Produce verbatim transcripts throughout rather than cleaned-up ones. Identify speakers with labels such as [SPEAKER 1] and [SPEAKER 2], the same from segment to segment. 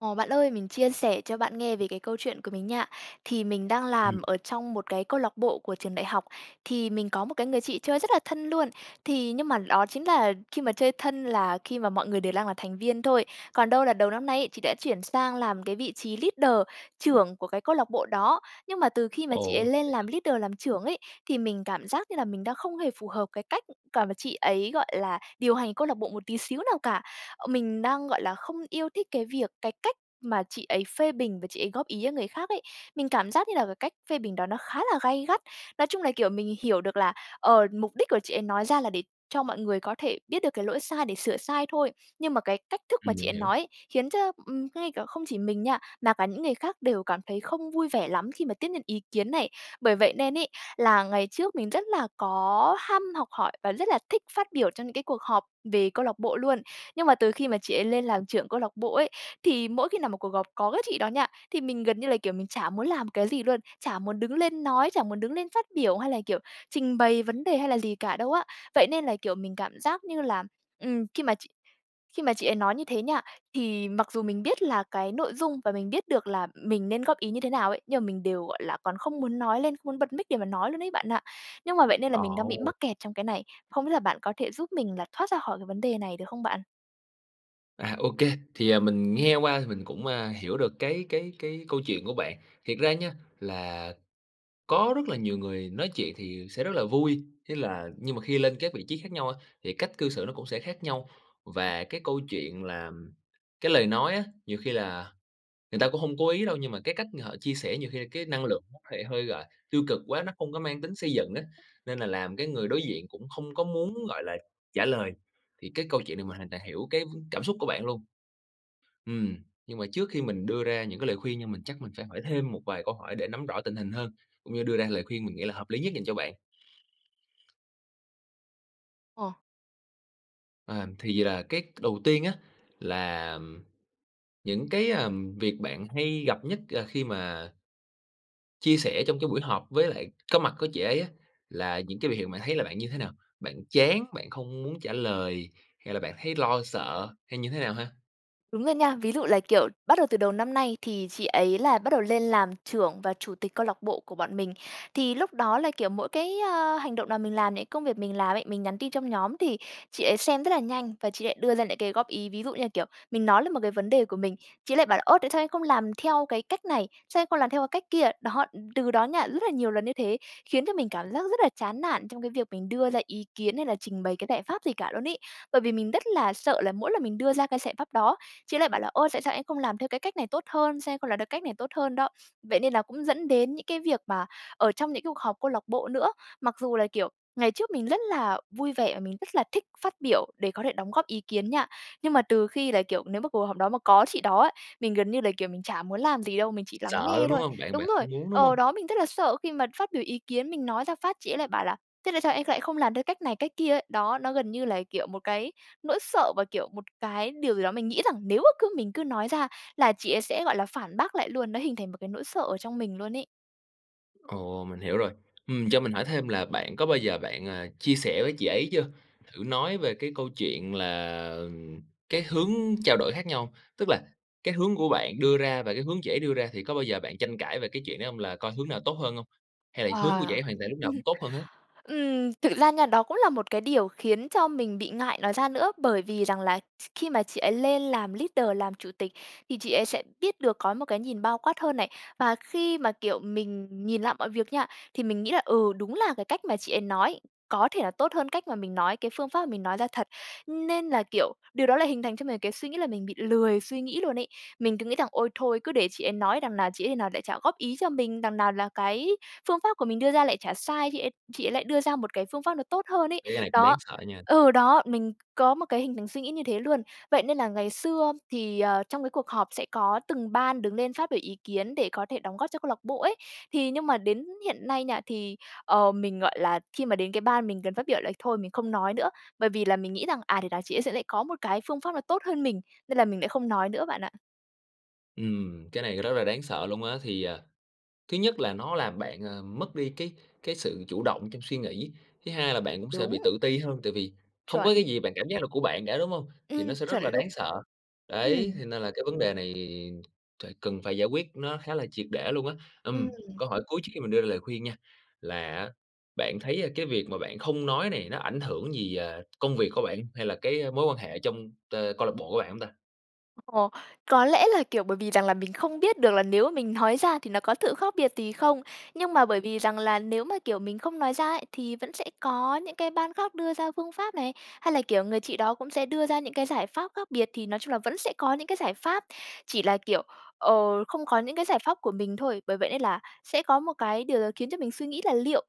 [SPEAKER 1] Ồ, bạn ơi, mình chia sẻ cho bạn nghe về cái câu chuyện của mình nha. Thì mình đang
[SPEAKER 2] Ừm.
[SPEAKER 1] làm ở trong một cái câu lạc bộ của trường đại học, thì mình có một cái người chị chơi rất là thân luôn. Thì nhưng mà đó chính là khi mà chơi thân là khi mà mọi người đều đang là thành viên thôi, còn đâu là đầu năm nay ấy, chị đã chuyển sang làm cái vị trí leader, trưởng của cái câu lạc bộ đó. Nhưng mà từ khi mà chị ấy
[SPEAKER 2] Ủa,
[SPEAKER 1] lên
[SPEAKER 2] vậy hả?
[SPEAKER 1] làm leader, làm trưởng ấy, thì mình cảm giác như là mình đang không hề phù hợp cái cách cả và chị ấy, gọi là, điều hành câu lạc bộ một tí xíu nào cả. Ờ, mình đang, gọi là, không yêu thích cái việc cái cách mà chị ấy phê bình và chị ấy góp ý, a, người khác ấy. Mình cảm giác như là cái cách phê bình đó nó khá là gay gắt. Nói chung là, kiểu, mình hiểu được là, ờ, mục đích của chị ấy nói ra là để cho mọi người có thể biết được cái lỗi sai để sửa sai thôi, nhưng mà cái cách thức mà
[SPEAKER 2] Ừm,
[SPEAKER 1] chị
[SPEAKER 2] mình
[SPEAKER 1] ấy
[SPEAKER 2] hiểu.
[SPEAKER 1] nói ấy khiến cho, ừm, ngay cả không chỉ mình nha, mà cả những người khác đều cảm thấy không vui vẻ lắm khi mà tiếp nhận ý kiến này. Bởi vậy nên ấy là ngày trước, mình rất là có ham học hỏi và rất là thích phát biểu cho những cái cuộc họp về câu lạc bộ luôn, nhưng mà từ khi mà chị ấy lên làm trưởng câu lạc bộ ấy thì mỗi khi nào một cuộc gọp có cái chị đó nha, thì mình gần như là, kiểu, mình chả muốn làm cái gì luôn, chả muốn đứng lên nói, chả muốn đứng lên phát biểu hay là, kiểu, trình bày vấn đề hay là gì cả đâu á. Vậy nên là, kiểu, mình cảm giác như là, ừm, khi mà chị khi mà chị ấy nói như thế nha, thì mặc dù mình biết là cái nội dung và mình biết được là mình nên góp ý như thế nào ấy, nhưng mà mình đều gọi là còn không muốn nói lên, không muốn bật mic để mà nói luôn ấy bạn ạ. Nhưng mà vậy nên là
[SPEAKER 2] À,
[SPEAKER 1] mình đang bị
[SPEAKER 2] ôi!
[SPEAKER 1] mắc kẹt trong cái này, không biết là bạn có thể giúp mình là thoát ra khỏi cái vấn đề này được không bạn?
[SPEAKER 2] À, ô kê. Thì, à, mình nghe qua thì mình cũng, a, hiểu được cái cái cái câu chuyện của bạn. Thiệt ra nha là có rất là nhiều người nói chuyện thì sẽ rất là vui, thế là nhưng mà khi lên các vị trí khác nhau á, thì cách cư xử nó cũng sẽ khác nhau. Và cái câu chuyện làm cái lời nói á, nhiều khi là người ta cũng hông cố ý đâu nhưng mà cái cách ng họ chia sẻ nhiều khi là cái năng lượng nó có thể hơi, gọi tiêu cực quá, nó không có mang tính xây dựng á, nên là làm cái người đối diện cũng không có muốn, gọi là, trả lời. Thì cái câu chuyện này, mình hoàn toàn hiểu cái cảm xúc của bạn luôn. Ừm, nhưng mà trước khi mình đưa ra những cái lời khuyên nhưng mình chắc mình phải hỏi thêm một vài câu hỏi để nắm rõ tình hình hơn, cũng như đưa ra lời khuyên mình nghĩ là hợp lý nhất dành cho bạn.
[SPEAKER 1] Ồ.
[SPEAKER 2] Ờm, thì là cái đầu tiên á, là những cái việc bạn hay gặp nhất, ờ, khi mà chia sẻ trong cái buổi họp với lại có mặt của chị ấy á, là những cái biểu hiện bạn thấy là bạn như thế nào? Bạn chán, bạn không muốn trả lời hay là bạn thấy lo sợ hay như thế nào ha?
[SPEAKER 1] Đúng rồi nha! Ví dụ là, kiểu, bắt đầu từ đầu năm nay, thì chị ấy là bắt đầu lên làm trưởng và chủ tịch câu lạc bộ của bọn mình. Thì lúc đó là kiểu mỗi cái, a, hành động nào mình làm này, công việc mình làm ấy, mình nhắn tin trong nhóm thì chị ấy xem rất là nhanh và chị lại đưa ra lại cái góp ý, ví dụ như là kiểu mình nói là một cái vấn đề của mình, chị lại bảo là "Ô, tại sao em không làm theo cái cách này? Sao em không làm theo cái cách kia?" Đó, đ từ đó nha, rất là nhiều lần như thế, khiến cho mình cảm giác rất là chán nản trong cái việc mình đưa ra ý kiến hay là trình bày cái giải pháp gì cả luôn ấy. Bởi vì mình rất là sợ là mỗi lần mình đưa ra cái giải pháp đó, chị lại bảo là "Ô, tại sao em không làm theo cái cách này tốt hơn? Sao em không làm theo cách này tốt hơn đó?" Vậy nên là cũng dẫn đến những cái việc mà ở trong những cái cuộc họp câu lạc bộ nữa. Mặc dù là kiểu ngày trước mình rất là vui vẻ và mình rất là thích phát biểu để có thể đóng góp ý kiến nha. Nhưng mà từ khi là kiểu nếu mà cuộc họp đó mà có chị đó á, mình gần như là kiểu mình chả muốn làm gì đâu, mình chỉ lắng
[SPEAKER 2] Sợ
[SPEAKER 1] nghe
[SPEAKER 2] luôn đúng
[SPEAKER 1] thôi.
[SPEAKER 2] hông? Bạn bạn
[SPEAKER 1] Đúng rồi!
[SPEAKER 2] không muốn đúng hông?
[SPEAKER 1] Ờ, đó, mình rất là sợ khi mà phát biểu ý kiến, mình nói ra phát chị ấy lại bảo là "Thế tại sao em lại không làm theo cách này, cách kia?" ấy. Đó, nó gần như là, kiểu, một cái nỗi sợ và, kiểu, một cái điều gì đó mình nghĩ rằng nếu mà cứ mình cứ nói ra là chị ấy sẽ gọi là phản bác lại luôn, nó hình thành một cái nỗi sợ ở trong mình luôn ấy.
[SPEAKER 2] Ồ, mình hiểu rồi! Ừm, cho mình hỏi thêm là bạn có bao giờ bạn, ờ, chia sẻ với chị ấy chưa? Thử nói về cái câu chuyện là, ừm, cái hướng trao đổi khác nhau hông? Tức là, cái hướng của bạn đưa ra và cái hướng chị ấy đưa ra thì có bao giờ bạn tranh cãi về cái chuyện đó hông? Là coi hướng nào tốt hơn hông? Hay là hướng của chị
[SPEAKER 1] Ờ.
[SPEAKER 2] ấy hoàn toàn lúc nào cũng tốt hơn hết?
[SPEAKER 1] Ừm, thực ra nha, đó cũng là một cái điều khiến cho mình bị ngại nói ra nữa. Bởi vì rằng là th khi mà chị ấy lên làm leader, làm chủ tịch, thì chị ấy sẽ biết được, có một cái nhìn bao quát hơn này. Và khi mà, kiểu, mình nhìn lại mọi việc nha, thì mình nghĩ là "Ừ, đúng là cái cách mà chị ấy nói có thể là tốt hơn cách mà mình nói, cái phương pháp mà mình nói ra thật." Nên là kiểu, điều đó lại hình thành cho mình cái suy nghĩ là mình bị lười suy nghĩ luôn ấy. Mình cứ nghĩ rằng: "Ôi, thôi cứ để chị ấy nói, đằng nào chị ấy nào lại chả góp ý cho mình? Đằng nào là cái phương pháp của mình đưa ra lại chả sai? Chị ấy chị ấy lại đưa ra một cái phương pháp nó tốt hơn" ấy.
[SPEAKER 2] Thấy cái này cũng đáng
[SPEAKER 1] Đó
[SPEAKER 2] sợ nha!
[SPEAKER 1] ừ, đó, mình có một cái hình thành suy nghĩ như thế luôn. Vậy nên là ngày xưa thì, ờ, trong cái cuộc họp sẽ có từng ban đứng lên phát biểu ý kiến để có thể đóng góp cho câu lạc bộ ấy. Thì nhưng mà đến hiện nay nha, thì, ờ, mình, gọi là, khi mà đến cái ban mình cần phát biểu là thôi mình không nói nữa. Bởi vì là mình nghĩ rằng, à, thể nảo chị ấy sẽ lại có một cái phương pháp nó tốt hơn mình, nên là mình lại không nói nữa bạn ạ.
[SPEAKER 2] Ừm, cái này rất là đáng sợ luôn á. Thì, à, thứ nhất là nó làm bạn, à, mất đi cái cái sự chủ động trong suy nghĩ; thứ hai là bạn cũng sẽ
[SPEAKER 1] Đúng.
[SPEAKER 2] bị tự ti hơn, tại vì không có cái
[SPEAKER 1] Chuẩn.
[SPEAKER 2] gì bạn cảm giác là của bạn cả, đúng hông? Thì nó
[SPEAKER 1] Ừm,
[SPEAKER 2] sẽ rất
[SPEAKER 1] chuẩn
[SPEAKER 2] là
[SPEAKER 1] lu
[SPEAKER 2] đáng sợ.
[SPEAKER 1] ừm.
[SPEAKER 2] Đấy, thế nên là cái vấn đề này thải cần phải giải quyết nó khá là triệt để luôn á. Ừm,
[SPEAKER 1] Ừm.
[SPEAKER 2] câu hỏi cuối trước khi mình đưa ra lời khuyên nha, là á bạn thấy, a, cái việc mà bạn không nói này nó ảnh hưởng gì, à, công việc của bạn, hay là cái, a, mối quan hệ trong tơ câu lạc bộ của bạn hông ta?
[SPEAKER 1] Ồ, có lẽ là, kiểu, bởi vì rằng là mình không biết được là nếu mà mình nói ra thì nó có thự khác biệt gì không. Nhưng mà bởi vì rằng là nếu mà, kiểu, mình không nói ra ấy, thì vẫn sẽ có những cái ban khác đưa ra phương pháp này hay là, kiểu, người chị đó cũng sẽ đưa ra những cái giải pháp khác biệt. Thì nói chung là vẫn sẽ có những cái giải pháp, chỉ là, kiểu, ờ, không có những cái giải pháp của mình thôi. Bởi vậy nên là sẽ có một cái điều gì đó khiến cho mình suy nghĩ là "Liệu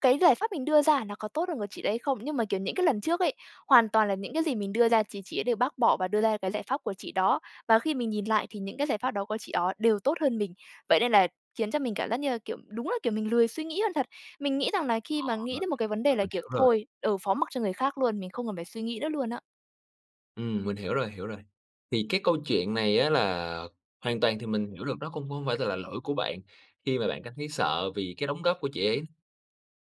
[SPEAKER 1] cái giải pháp mình đưa ra nó có tốt hơn của chị đấy không?" Nhưng mà, kiểu, những cái lần trước ấy, hoàn toàn là những cái gì mình đưa ra chì chị ấy đều bác bỏ và đưa ra cái giải pháp của chị đó. Và khi mình nhìn lại thì những cái giải pháp đó của chị ó đều tốt hơn mình. Vậy nên là khiến cho mình cảm giác như là, kiểu, đúng là, kiểu, mình lười suy nghĩ hơn thật. Mình nghĩ rằng là
[SPEAKER 2] Ờ
[SPEAKER 1] khi mà
[SPEAKER 2] ha.
[SPEAKER 1] nghĩ đến một cái vấn đề
[SPEAKER 2] Ừ,
[SPEAKER 1] là,
[SPEAKER 2] mình
[SPEAKER 1] kiểu,
[SPEAKER 2] hiểu rồi.
[SPEAKER 1] "Thôi, ừ, phó mặc cho người khác luôn. Mình không cần phải suy nghĩ nữa." luôn á.
[SPEAKER 2] Ừm, mình hiểu rồi, hiểu rồi. Thì cái câu chuyện này á là hoàn toàn thì mình hiểu được nó cung cũng hông phải tại là lỗi của bạn, khi mà bạn cảm thấy sợ vì cái đóng góp của chị ấy.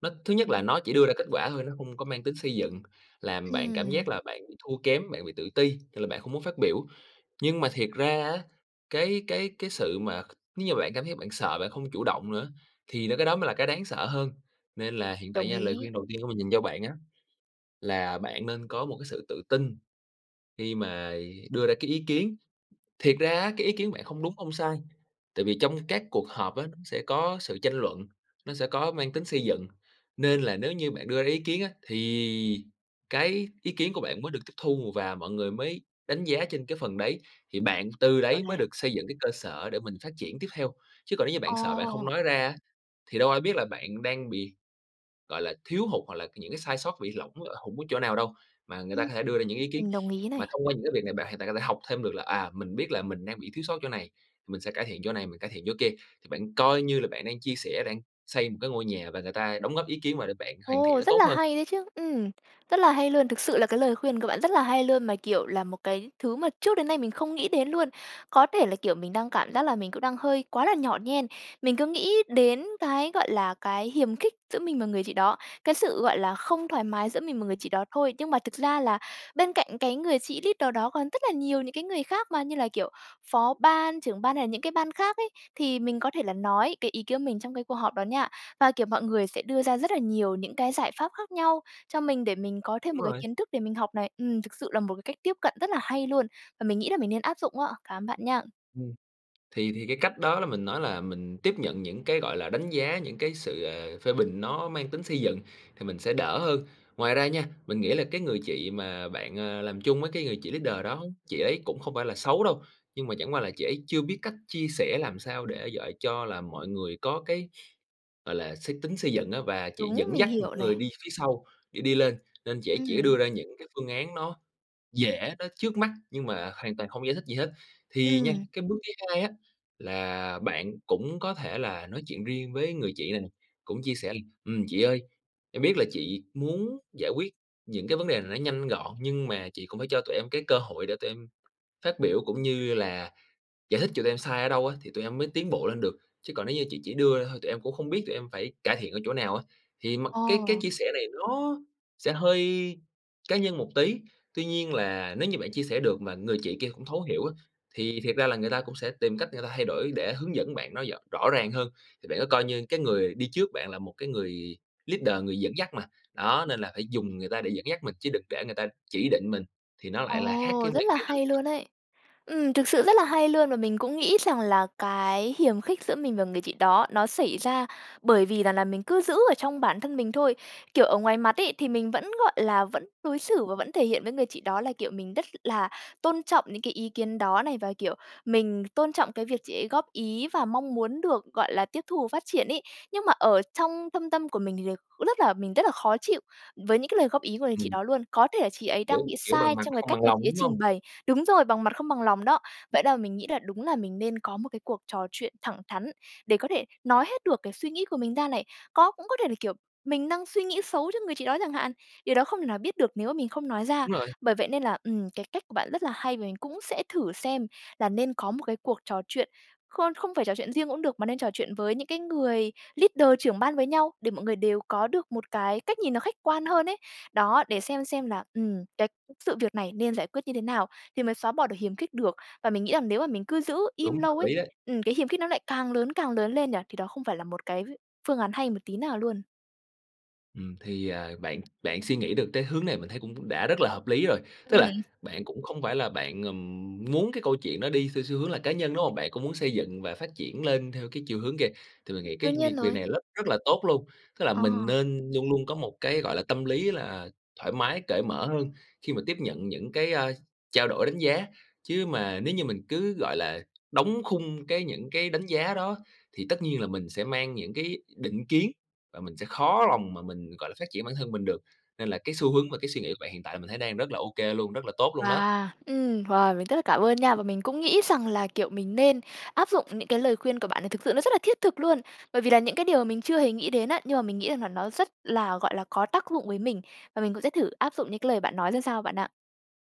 [SPEAKER 2] Nó thứ nhất
[SPEAKER 1] Ừm.
[SPEAKER 2] là nó chỉ đưa ra kết quả thôi, nó hông có mang tính xây dựng, làm bạn cảm giác
[SPEAKER 1] À!
[SPEAKER 2] là bạn bị thua kém, bạn bị tự ti, thì là bạn không muốn phát biểu. Nhưng mà thiệt ra á, cái cái cái sự mà c nếu như mà bạn cảm giác bạn sợ bạn không chủ động nữa, thì đó cái đó mới là cái đáng sợ hơn. Nên là hiện tại
[SPEAKER 1] Đồng
[SPEAKER 2] nha, lời
[SPEAKER 1] ý.
[SPEAKER 2] khuyên đầu tiên của mình dành cho bạn á, là bạn nên có một cái sự tự tin khi mà đưa ra cái ý kiến. Thiệt ra á, cái ý kiến bạn không đúng, không sai, tại vì trong các cuộc họp á, nó sẽ có sự tranh luận, nó sẽ có mang tính xây dựng. Nên là nếu như bạn đưa ra ý kiến á, thì cái ý kiến của bạn mới được tiếp thu và mọi người mới đánh giá trên cái phần đấy, thì bạn từ
[SPEAKER 1] Hiểu
[SPEAKER 2] đấy mới
[SPEAKER 1] này.
[SPEAKER 2] được xây dựng cái cơ sở để mình phát triển tiếp theo. Chứ còn nếu như bạn sợ bạn không
[SPEAKER 1] Ồ!
[SPEAKER 2] nói ra á, thì đâu ai biết là bạn đang bị, gọi là, thiếu hụt hoặc là c những cái sai sót bị lỏng hổng ở chỗ nào đâu mà người ta
[SPEAKER 1] Ừ.
[SPEAKER 2] có thể đưa ra những ý kiến.
[SPEAKER 1] Mình đồng ý
[SPEAKER 2] Mà
[SPEAKER 1] này.
[SPEAKER 2] thông qua những cái việc này bạn hoàn toàn có thể học thêm được là, à, mình biết là mình đang bị thiếu sót chỗ này, mình sẽ cải thiện chỗ này, mình cải thiện chỗ kia. Thì bạn coi như là bạn đang chia sẻ, đang xây một cái ngôi nhà và người ta đóng góp ý kiến vào để bạn hoàn thiện
[SPEAKER 1] Ồ,
[SPEAKER 2] nó
[SPEAKER 1] rất
[SPEAKER 2] tốt
[SPEAKER 1] là
[SPEAKER 2] hơn.
[SPEAKER 1] hay đấy chứ! Ừm, rất là hay luôn, thực sự là cái lời khuyên của bạn rất là hay luôn, mà kiểu là một cái thứ mà trước đến nay mình không nghĩ đến luôn! Có thể là, kiểu, mình đang cảm giác là mình cũng đang hơi quá là nhỏ nhen. Mình cứ nghĩ đến cái, gọi là, cái hiềm khích giữa mình và người chị đó, cái sự, gọi là, không thoải mái giữa mình mà người chị đó thôi. Nhưng mà thực ra là bên cạnh cái người chị leader đó còn rất là nhiều những cái người khác mà, như là kiểu phó ban, trưởng ban hay là những cái ban khác ấy. Thì mình có thể là nói cái ý kiến của mình trong cái cuộc họp đó nha, và, kiểu, mọi người sẽ đưa ra rất là nhiều những cái giải pháp khác nhau cho mình để mình có thêm
[SPEAKER 2] Đúng
[SPEAKER 1] một cái
[SPEAKER 2] rồi.
[SPEAKER 1] kiến thức để mình học này. Ừm, thực sự là một cái cách tiếp cận rất là hay luôn, và mình nghĩ là mình nên áp dụng á. Cảm ơn bạn nha!
[SPEAKER 2] Ừm. Thì thì cái cách đó là mình nói là mình tiếp nhận những cái, gọi là, đánh giá, những cái sự, ờ, phê bình nó mang tính xây dựng thì mình sẽ đỡ hơn. Ngoài ra nha, mình nghĩ là cái người chị mà bạn, à, làm chung á, cái người chị leader đó, chị ấy cũng không phải là xấu đâu. Nhưng mà chẳng qua là chị ấy chưa biết cách chia sẻ làm sao để dọi cho là mọi người có cái, gọi là, xích tính xây dựng á, và chị
[SPEAKER 1] Đúng,
[SPEAKER 2] dẫn
[SPEAKER 1] mình
[SPEAKER 2] dắt
[SPEAKER 1] hiểu
[SPEAKER 2] những người
[SPEAKER 1] này.
[SPEAKER 2] đi phía sau để đi lên, nên chị ấy chỉ đưa
[SPEAKER 1] Ừm.
[SPEAKER 2] ra những cái phương án nó dễ, nó trước mắt nhưng mà hoàn toàn không giải thích gì hết. Thì nha,
[SPEAKER 1] Ừm.
[SPEAKER 2] cái bước thứ hai á, là bạn cũng có thể là nói chuyện riêng với người chị này nè, cũng chia sẻ là "Ừm, chị ơi, em biết là chị muốn giải quyết những cái vấn đề này nó nhanh gọn, nhưng mà chị cũng phải cho tụi em cái cơ hội để tụi em phát biểu cũng như là giải thích cho tụi em sai ở đâu á, thì tụi em mới tiến bộ lên được, chứ còn nếu như chị chỉ đưa ra thôi tụi em cũng không biết tụi em phải cải thiện ở chỗ nào á!" Thì m cái cái
[SPEAKER 1] Ồ.
[SPEAKER 2] chia sẻ này nó sẽ hơi cá nhân một tí, tuy nhiên là nếu như bạn chia sẻ được mà người chị kia cũng thấu hiểu á, thì thiệt ra là người ta cũng sẽ tìm cách người ta thay đổi để hướng dẫn bạn nó dỏ rõ ràng hơn. Thì bạn cứ coi như cái người đi trước bạn là một cái người leader, người dẫn dắt mà, đó, nên là phải dùng người ta để dẫn dắt mình chứ đừng để người ta chỉ định mình, thì nó lại là khác
[SPEAKER 1] Ồ,
[SPEAKER 2] cái
[SPEAKER 1] rất
[SPEAKER 2] mang
[SPEAKER 1] là
[SPEAKER 2] cái tính
[SPEAKER 1] hay
[SPEAKER 2] xây dựng
[SPEAKER 1] luôn ấy! Ừm, thực sự rất là hay luôn! Và mình cũng nghĩ rằng là cái hiềm khích giữa mình và người chị đó nó xảy ra bởi vì rằng là mình cứ giữ ở trong bản thân mình thôi. Kiểu ở ngoài mặt ấy thì mình vẫn, gọi là, vẫn đối xử và vẫn thể hiện với người chị đó là, kiểu, mình rất là tôn trọng những cái ý kiến đó này, và, kiểu, mình tôn trọng cái việc chị ấy góp ý và mong muốn được, gọi là, tiếp thu và phát triển ấy. Nhưng mà ở trong thâm tâm của mình thì đ cũng rất là mình rất là khó chịu với những cái lời góp ý của người chị
[SPEAKER 2] Ừm.
[SPEAKER 1] đó luôn. Có thể là chị ấy đang
[SPEAKER 2] Dữ.
[SPEAKER 1] bị
[SPEAKER 2] Kiểu bằng
[SPEAKER 1] sai
[SPEAKER 2] mặt
[SPEAKER 1] trong
[SPEAKER 2] mà
[SPEAKER 1] cái
[SPEAKER 2] không
[SPEAKER 1] cách
[SPEAKER 2] bằng
[SPEAKER 1] mà
[SPEAKER 2] lòng,
[SPEAKER 1] chị ấy
[SPEAKER 2] đúng
[SPEAKER 1] trình
[SPEAKER 2] hông?
[SPEAKER 1] bày Đúng rồi, bằng mặt không bằng lòng đó! Vậy đa mình nghĩ là đúng là mình nên có một cái cuộc trò chuyện thẳng thắn để có thể nói hết được cái suy nghĩ của mình ra này. Có cũng có thể là, kiểu, mình đang suy nghĩ xấu cho người chị đó chẳng hạn? Điều đó không thể nào biết được nếu mà mình không nói ra.
[SPEAKER 2] Đúng rồi.
[SPEAKER 1] Bởi vậy nên là, ừm, cái cách của bạn rất là hay, và mình cũng sẽ thử xem là nên có một cái cuộc trò chuyện, khôn không phải trò chuyện riêng cũng được, mà nên trò chuyện với những cái người leader, trưởng ban với nhau, để mọi người đều có được một cái cách nhìn nó khách quan hơn ấy. Đó, để xem xem là, ừm, cái sự việc này nên giải quyết như thế nào thì mới xóa bỏ được hiềm khích được. Và mình nghĩ rằng nếu mà mình cứ giữ im
[SPEAKER 2] Đúng, hợp
[SPEAKER 1] lâu ấy
[SPEAKER 2] lý đấy.
[SPEAKER 1] ừm, cái hiềm khích nó lại càng lớn, càng lớn lên nhỉ? Thì đó không phải là một cái phương án hay một tí nào luôn.
[SPEAKER 2] Ừm, thì, à, bạn bạn suy nghĩ được tới hướng này mình thấy cũng cũng đã rất là hợp lý rồi. Tức là
[SPEAKER 1] Ừm.
[SPEAKER 2] bạn cũng không phải là bạn, ừm, muốn cái câu chuyện đó đi xeo xu hướng là cá nhân, đúng hông? Bạn cũng muốn xây dựng và phát triển lên theo cái chiều hướng kìa, thì mình nghĩ
[SPEAKER 1] Đương
[SPEAKER 2] cái
[SPEAKER 1] nhiên
[SPEAKER 2] đì việc
[SPEAKER 1] rồi.
[SPEAKER 2] này rất rất là tốt luôn. Tức là
[SPEAKER 1] Ờ.
[SPEAKER 2] mình nên luôn luôn có một cái, gọi là, tâm lý là thoải mái, cởi mở hơn khi mà tiếp nhận những cái, ơ, trao đổi, đánh giá. Chứ mà nếu như mình cứ, gọi là, đóng khung cái những cái đánh giá đó thì tất nhiên là mình sẽ mang những cái định kiến, và mình sẽ khó lòng mà mình, gọi là, phát triển bản thân mình được. Nên là cái xu hướng và cái suy nghĩ của bạn hiện tại là mình thấy đang rất là ô kê luôn, rất là tốt luôn đó.
[SPEAKER 1] Wow! Ừm, wow! Mình rất là cảm ơn nha. Và mình cũng nghĩ rằng là, kiểu, mình nên áp dụng những cái lời khuyên của bạn này, thực sự nó rất là thiết thực luôn. Bởi vì là những cái điều mà mình chưa hề nghĩ đến á, nhưng mà mình nghĩ rằng là nó rất là, gọi là, có tác dụng với mình. Và mình cũng sẽ thử áp dụng những cái lời bạn nói ra sao bạn ạ.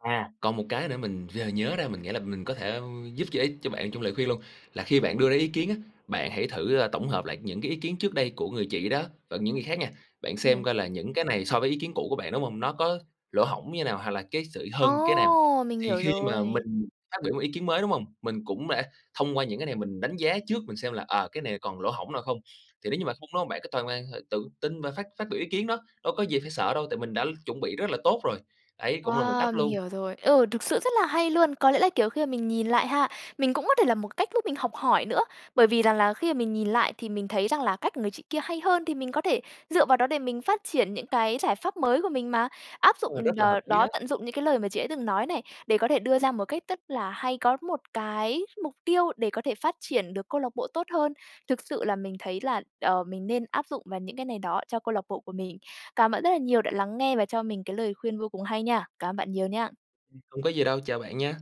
[SPEAKER 2] À, còn một cái nữa mình vừa nhớ ra, mình nghĩ là mình có thể giúp giơ ích cho bạn trong lời khuyên luôn. Là khi bạn đưa ra ý kiến á, bạn hãy thử tổng hợp lại những cái ý kiến trước đây của người chị đó và những người khác nha, bạn xem
[SPEAKER 1] Ừm.
[SPEAKER 2] coi là những cái này so với ý kiến cũ của bạn, đúng hông? Nó có lỗ hổng như nào hoặc là cái sự hơn cái nào.
[SPEAKER 1] Ô! Mình
[SPEAKER 2] Thì
[SPEAKER 1] hiểu
[SPEAKER 2] khi mà
[SPEAKER 1] rồi.
[SPEAKER 2] mình phát biểu một ý kiến mới, đúng hông? Mình cũng đã thông qua những cái này mình đánh giá trước, mình xem là, ờ, cái này còn lỗ hổng nào không. Thì nếu như mà không đó, bạn cứ toàn hoàn h tự tin và phát phát biểu ý kiến đó. Đâu có gì phải sợ đâu, tại mình đã chuẩn bị rất là tốt rồi. Ấy, cũng là một
[SPEAKER 1] Wow!
[SPEAKER 2] cách
[SPEAKER 1] Mình
[SPEAKER 2] luôn.
[SPEAKER 1] hiểu rồi. Ừ, thực sự rất là hay luôn! Có lẽ là, kiểu, khi mà mình nhìn lại ha, mình cũng có thể là một cách giúp mình học hỏi nữa. Bởi vì rằng là khi mà mình nhìn lại thì mình thấy rằng là cách của người chị kia hay hơn, thì mình có thể dựa vào đó để mình phát triển những cái giải pháp mới của mình mà. Áp
[SPEAKER 2] Ừ,
[SPEAKER 1] dụng
[SPEAKER 2] rất
[SPEAKER 1] đ
[SPEAKER 2] là hợp lý đó.
[SPEAKER 1] đó, tận dụng những cái lời mà chị ấy từng nói này để có thể đưa ra một cách rất là hay, có một cái mục tiêu để có thể phát triển được câu lạc bộ tốt hơn. Thực sự là mình thấy là, ờ, mình nên áp dụng vào những cái này đó cho câu lạc bộ của mình. Cảm ơn bạn rất là nhiều đã lắng nghe và cho mình cái lời khuyên vô cùng hay nha. Cảm ơn bạn nhiều nha!
[SPEAKER 2] Ừm, hông có gì đâu. Chào bạn nha!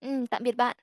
[SPEAKER 1] Ừm, tạm biệt bạn!